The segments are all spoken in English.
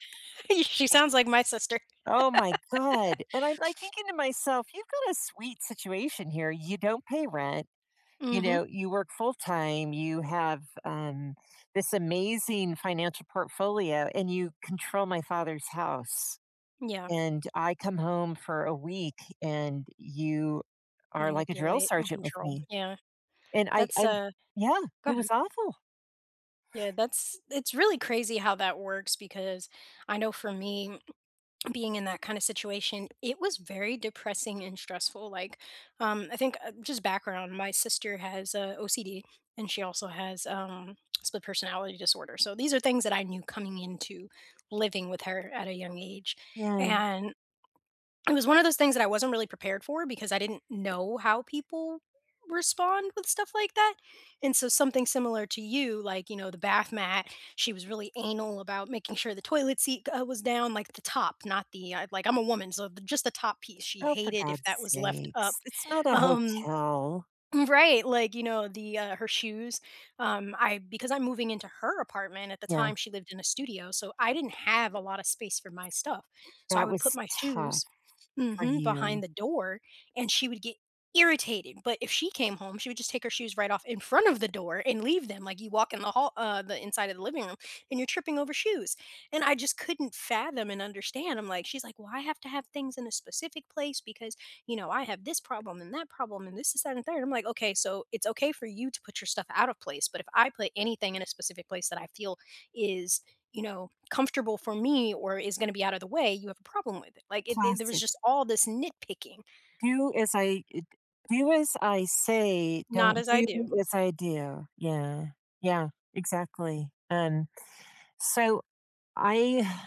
She sounds like my sister. Oh my god. And I'm, like, thinking to myself, "you've got a sweet situation here. You don't pay rent, you Mhm. know, you work full time, you have, um, this amazing financial portfolio, and you control my father's house. Yeah. And I come home for a week, and you are like a drill Manipulate and sergeant with control. me." Yeah. And I That's, I'm uh Yeah, Go it ahead. was awful. Yeah, that's it's really crazy how that works because I know for me being in that kind of situation, it was very depressing and stressful, like, um, I think, uh, just background, my sister has OCD and she also has, um, split personality disorder. So these are things that I knew coming into living with her at a young age, Yeah. and it was one of those things that I wasn't really prepared for because I didn't know how people respond with stuff like that. And, so something similar to you, like, you know, the bath mat, she was really anal about making sure the toilet seat g was down at the top, not the like I'm a woman, so just the top piece, she Oh, for hated if god's that was left up. sakes. It's not a Um. hotel. Right, like, you know, the, uh, her shoes, um I because I'm moving into her apartment at the Yeah. time she lived in a studio. So I didn't have a lot of space for my stuff. So I That would put was my tough shoes for mhm, behind you. the door, and she would get irritated. But if she came home, she would just take her shoes right off in front of the door and leave them like you walk in the hall uh, the inside of the living room and you're tripping over shoes. And I just couldn't fathom and understand, I'm like she's like, "Well, I have to have things in a specific place because, you know, I have this problem and that problem and this is that and there" I'm like, "Okay, so it's okay for you to put your stuff out of place, but if I put anything in a specific place that I feel is, you know, comfortable for me or is gonna be out of the way, you have a problem with it." Like, it it it there was Classic. just all this nitpicking. Do as I d do as I say, Not don't as I do do. as I do. Yeah. Yeah, exactly, and So I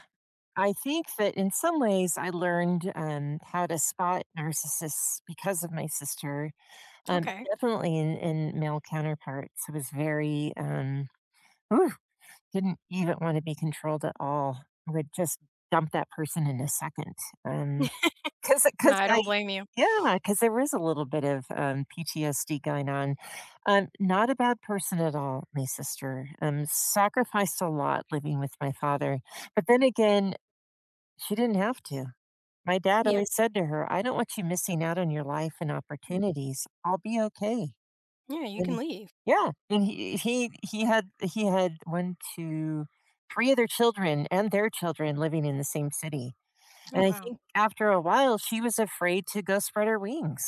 I think that in some ways, I learned, um, how to spot narcissists because of my sister, um, Okay. definitely in in male counterparts. I was very um Ooh, didn't even wanna be controlled at all. I would just dump that person in a second and 'Cause I No, 'cause I I, don't blame you. yeah, 'cause there was a little bit of, um, PTSD going on. Um, not a bad person at all- my sister, um, sacrificed a lot living with my father. But then again, she didn't have to. My dad Yeah. always said to her, "I don't want you missing out on your life and Mm opportunities. I'll be okay." Yeah, you can And leave. yeah, and he he he had he had 1, 2, 3 other children and their children living in the same city. And Oh, I think wow. after a while, she was afraid to go spread her wings.